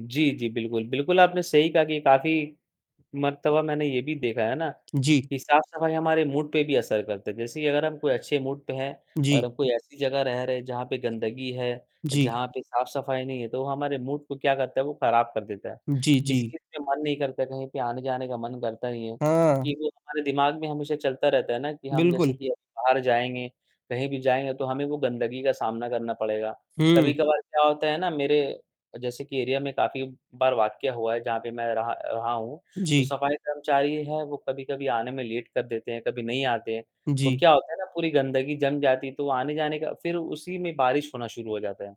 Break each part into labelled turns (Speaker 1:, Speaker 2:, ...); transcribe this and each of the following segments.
Speaker 1: जी, जी। बिल्कुल, बिल्कुल, आपने सही कहा कि काफ़ी मर्तबा मैंने ये भी देखा है ना
Speaker 2: जी।
Speaker 1: कि साफ़-सफ़ाई हमारे मूड पे भी असर करता है, जैसे कि अगर हम कोई अच्छे मूड पे हैं और
Speaker 2: जी।
Speaker 1: हम कोई ऐसी जगह रह रहे हैं जहाँ पे गंदगी है,
Speaker 2: जी।
Speaker 1: जहाँ पे साफ़-सफ़ाई नहीं है, तो हमारे मूड को क्या करता है, वो खराब कर देता है।
Speaker 2: जी,
Speaker 1: किसी
Speaker 2: जी।
Speaker 1: चीज़ का मन नहीं करता, कहीं पे आने-जाने का मन करता नहीं है
Speaker 2: हाँ।
Speaker 1: क्योंकि वो हमारे दिमाग में हमेशा चलता रहता है ना कि हम जैसे
Speaker 2: बिल्कुल।
Speaker 1: कि अभी बाहर जाएँगे, कहीं भी जाएँगे, तो हमें वो गंदगी का सामना करना पड़ेगा।
Speaker 2: हुँ।
Speaker 1: कभी-कभार क्या होता है ना मेरे जैसे कि एरिया में काफ़ी बार वाकया हुआ है जहाँ पे मैं रहा रहा हूँ, जो
Speaker 2: जी।
Speaker 1: सफ़ाई कर्मचारी है, वो कभी-कभी आने में लेट कर देते हैं, कभी नहीं आते हैं। तो
Speaker 2: जी।
Speaker 1: क्या होता है ना पूरी गंदगी जम जाती है, तो आने-जाने का फिर उसी में बारिश होना शुरू हो जाता है,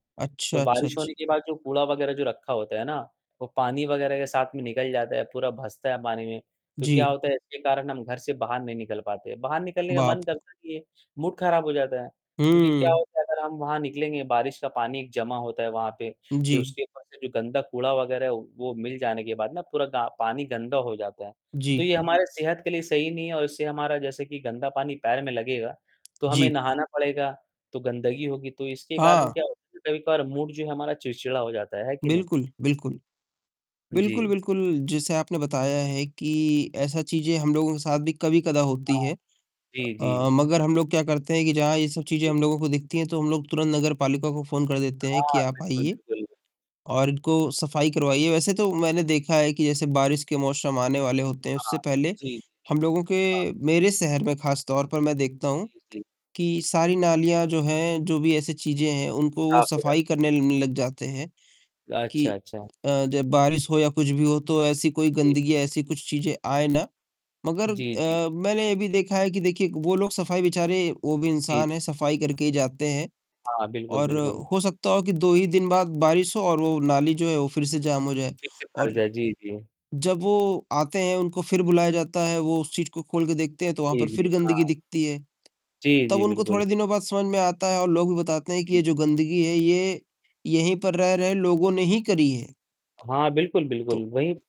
Speaker 1: तो
Speaker 2: अच्छा, अच्छा,
Speaker 1: बारिश होने
Speaker 2: अच्छा।
Speaker 1: के बाद, जो कूड़ा वग़ैरह जो रखा होता है ना, वो पानी वग़ैरह के साथ में निकल जाता है, पूरा भसता है पानी में, तो क्या
Speaker 2: जी।
Speaker 1: होता है इसके कारण हम घर से बाहर नहीं निकल पाते, बाहर निकलने का
Speaker 2: बाप
Speaker 1: मन करता नहीं है, मूड खराब हो जाता है। क्योंकि क्या
Speaker 2: हुँ।
Speaker 1: होता है अगर हम वहाँ निकलेंगे, बारिश का पानी जमा होता है वहाँ पे, फिर
Speaker 2: जी।
Speaker 1: उसके ऊपर से भी गंदा कूड़ा वग़ैरह है वो मिल जाने के बाद ना पूरा गा पानी गंदा हो जाता है, तो
Speaker 2: जी।
Speaker 1: ये हमारे सेहत के लिए सही नहीं है और इससे हमारा जैसे कि गंदा पानी पैर में लगेगा, तो हमें
Speaker 2: जी।
Speaker 1: नहाना पड़ेगा, तो गंदगी होगी, तो इसके कारण
Speaker 2: हाँ।
Speaker 1: क्या होता है ना कभी-कभार मूड जो है हमारा चिड़चिड़ा हो जाता है, है कि नहीं?
Speaker 2: बिल्कुल, बिल्कुल। बिल्कुल,
Speaker 1: जी।
Speaker 2: बिल्कुल जैसे आपने बताया है कि ऐसा चीज़ें हम लोगों के साथ भी कभी-कदा होती
Speaker 1: हाँ।
Speaker 2: हैं
Speaker 1: जी,
Speaker 2: अ,
Speaker 1: जी।
Speaker 2: मगर हम लोग क्या करते हैं कि जहाँ ये सब चीज़ें
Speaker 1: जी।
Speaker 2: हम लोगों को दिखती हैं, तो हम लोग तुरंत नगरपालिका को फ़ोन कर देते हैं कि
Speaker 1: हाँ,
Speaker 2: आप
Speaker 1: बिल्कुल,
Speaker 2: आइए
Speaker 1: बिल्कुल। ब
Speaker 2: और इनको सफ़ाई करवाइए, वैसे तो मैंने देखा है कि जैसे बारिश के मौसम आने वाले होते हैं, उससे
Speaker 1: हाँ।
Speaker 2: पहले
Speaker 1: जी, जी।
Speaker 2: हम लोगों
Speaker 1: हाँ।
Speaker 2: के मेरे शहर में खास तौर पर मैं देखता हूँ
Speaker 1: जी। जी।
Speaker 2: कि सारी नालियाँ जो हैं, जो भी ऐसी चीज़ें हैं उनको वो
Speaker 1: साफ़ हो जाती है।
Speaker 2: सफ़ाई करने न लग जाते हैं
Speaker 1: अच्छा,
Speaker 2: कि
Speaker 1: अच्छा।
Speaker 2: अ, जब बारिश हो या कुछ भी हो, तो ऐसी कोई
Speaker 1: जी।
Speaker 2: गंदगी या ऐसी कुछ चीज़ें आए ना, मगर
Speaker 1: जी, जी।
Speaker 2: अ, मैंने ये भी देखा है कि देखिए वो लोग सफ़ाई बेचारे वो भी
Speaker 1: जी।
Speaker 2: इंसान
Speaker 1: जी।
Speaker 2: हैं, सफ़ाई करके ही जाते हैं
Speaker 1: हाँ, बिल्कुल,
Speaker 2: और
Speaker 1: बिल्कुल।
Speaker 2: हो सकता हो कि 2 ही दिन बाद बारिश हो और वो नाली जो है, वो फिर से जाम हो जाए
Speaker 1: फिर से भर
Speaker 2: और
Speaker 1: जाए। जी, जी।
Speaker 2: जब वो आते हैं, उनको फिर बुलाया जाता है, वो उस चीज़ को खोल के देखते हैं, तो वहाँ
Speaker 1: जी,
Speaker 2: पर
Speaker 1: जी।
Speaker 2: फिर गंदगी
Speaker 1: हाँ।
Speaker 2: दिखती है,
Speaker 1: जी,
Speaker 2: तब
Speaker 1: जी,
Speaker 2: उनको थोड़े
Speaker 1: बिल्कुल।
Speaker 2: दिनों बाद समझ में आता है और लोग भी बताते हैं, कि ये
Speaker 1: जी।
Speaker 2: जो गंदगी है ये यहीं पर रह रहे लोगों ने ही करी है।
Speaker 1: हाँ, बिल्कुल,
Speaker 2: तो
Speaker 1: बिल्कुल वही